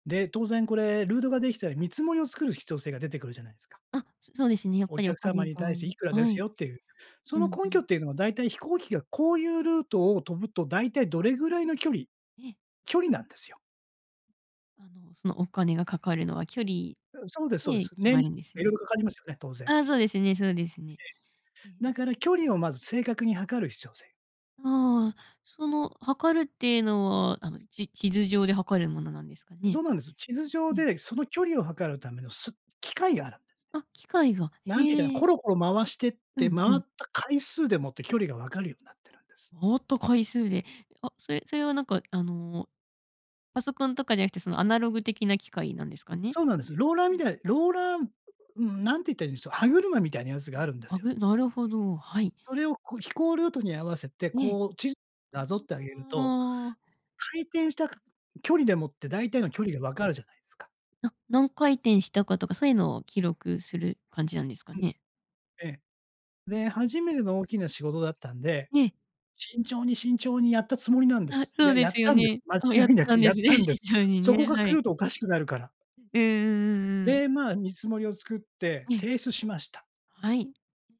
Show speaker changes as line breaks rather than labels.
で、当然これ、ルートができたら、見積もりを作る必要性が出てくるじゃないですか。
あ、そそうですね、やっ
お
ぱりお
客様
金
に
が。
対して、いくらで
は
す
い。
よっていう。そ
うん
の
う
根拠っ
ん。
ていうのは、だいたい飛行機がこういうルートを飛ぶと、だいたいどれぐらいの距離
ええ。
距離なんですよ。
あの、そのお金がかかるのは距離
うん、そうですそうで
で
す。
決
ね
ま
ん
るんです
色
ね。
々かかりますよね、当然。
ああ、そうですねそうですね。えええ
ええ。だ
え。
から距離をまず正確に測る必要性。
ああ、その測るってのは、あのち地図上で測るものなんですか
ん、そ
ね？
うなんです。地図上
ええ。
で、その距離を測るためのす器械があるんです
あ、器械が。
ね。なんていったかな、
へ
コ
え。
ロコロ回してっ
う
て、
んう
回っ
ん。
た回数でもって距離が分かるようになってるんです。
回った回数で。あ、それそれは、なんか、あの、パソコンとかじゃなくて、そのアナログ的な器械なんですかね？
そうなんです。ローラー
うん
み
う
たい
ん。
ローラーうーん、なんていったらいいんでしょう、歯車みたいなやつ
あ、
があるんです
は
よね。
ぐなるほど。はい。
それをこう飛行ルートに合わせて、
ええ、
こう地図なぞってあげると、
ああ。
回転した距離でもって
うん
大体
うん。
の距離が分かるじゃないですか？
あ、何回転したかとか、そういうのを記録する感じなんですか
うん。
ね？
ええ。
うんう
で、
ん。
初めての大きな仕事だったんで、
ええ。
慎重に慎重にやったつもりなんで
あ、
す。
そう
や
で
やっ
すよ
たんです。
ね。
間
あ、やっ
違いな
た
く
んで
やっ
すね、
たんです。
慎重に
そこ
ね、
が
は
狂
い。
うとおかしくなるから。
うんうんうんうんうん。
で、まあ、見積もりを作って
ええ。
提出しました。
はい。